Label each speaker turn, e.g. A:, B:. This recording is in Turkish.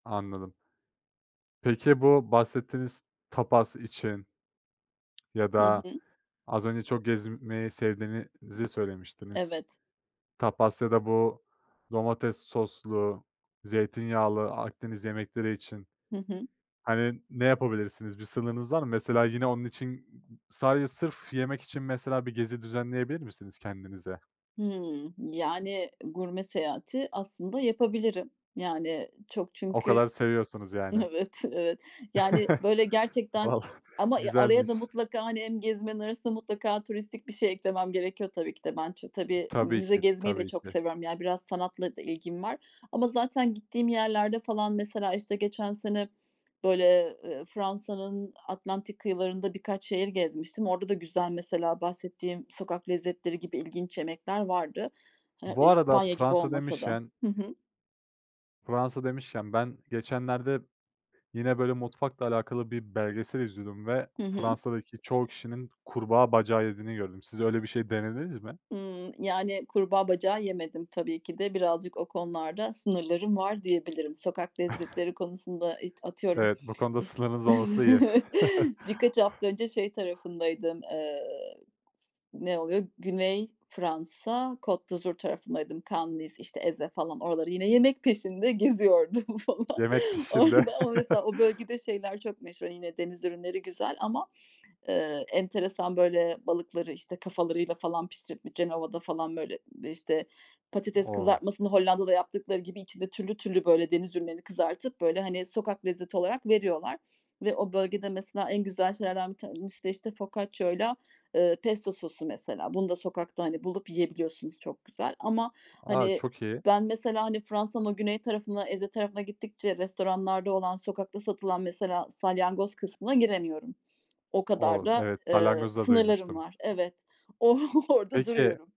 A: Anladım. Peki, bu bahsettiğiniz tapas için ya
B: Hı
A: da,
B: hı.
A: az önce çok gezmeyi sevdiğinizi söylemiştiniz.
B: Evet.
A: Tapas ya da, bu domates soslu, zeytinyağlı Akdeniz yemekleri için,
B: Hı hı.
A: hani, ne yapabilirsiniz? Bir sınırınız var mı? Mesela, yine, onun için sadece sırf yemek için, mesela, bir gezi düzenleyebilir misiniz kendinize?
B: Hımm. Yani, gurme seyahati aslında yapabilirim. Yani, çok
A: O
B: çünkü,
A: kadar seviyorsanız, yani.
B: evet, evet. Yani, böyle, gerçekten
A: Valla
B: ama araya
A: güzelmiş.
B: da mutlaka, hani, hem gezmenin arasında mutlaka turistik bir şey eklemem gerekiyor tabii ki de. Ben ç tabii,
A: Tabii
B: müze
A: ki,
B: gezmeyi de
A: tabii
B: çok
A: ki.
B: seviyorum, ya, biraz sanatla da ilgim var ama zaten gittiğim yerlerde, falan, mesela, işte, geçen sene, böyle, eee, Fransa'nın Atlantik kıyılarında birkaç şehir gezmiştim. Orada da güzel mesela bahsettiğim sokak lezzetleri gibi ilginç yemekler vardı. Ha,
A: Bu arada
B: İspanya gibi
A: Fransa
B: olmasa da.
A: demişken
B: Hı hı.
A: Fransa demişken ben geçenlerde, yine, böyle, mutfakla alakalı bir belgesel izliyordum ve
B: Hı hı.
A: Fransa'daki çoğu kişinin kurbağa bacağı yediğini gördüm. Siz öyle bir şey denediniz mi?
B: Hımm. Yani, kurbağa bacağı yemedim tabii ki de. Birazcık o konularda sınırlarım var diyebilirim. Sokak lezzetleri konusunda, it atıyorum,
A: Evet bu konuda
B: iş
A: sınırınız olması iyi.
B: birkaç hafta önce şey tarafındaydım, eee, s ne oluyor, Güney Fransa, Côte d’Azur tarafındaydım, Cannes, Nice, işte, Èze, falan. Oraları yine yemek peşinde geziyordum, falan.
A: Yemek peşinde.
B: Orada ama, mesela, o bölgede şeyler çok meşhur, yine, deniz ürünleri güzel ama, eee, enteresan, böyle, balıkları işte kafalarıyla, falan, pişirip bi Cenova'da, falan, böyle, işte patates
A: O!
B: kızartmasını Hollanda'da yaptıkları gibi içinde türlü türlü, böyle, deniz ürünlerini kızartıp, böyle, hani, sokak lezzeti olarak veriyorlar ve o bölgede mesela en güzel şeylerden bir tanesi de, işte, Focaccia'yla eee, Pesto sosu, mesela. Bunu da sokakta, hani, bulup yiyebiliyorsunuz çok güzel ama,
A: A,
B: hani,
A: çok iyi.
B: ben, mesela, hani, Fransa'nın güney tarafına, Èze tarafına gittikçe restoranlarda olan, sokakta satılan, mesela, salyangoz kısmına giremiyorum. O kadar
A: O z
B: da,
A: evet
B: ııı,
A: salyangozu da
B: sınırlarım
A: duymuştum.
B: var. Evet, o orada
A: Peki
B: duruyorum.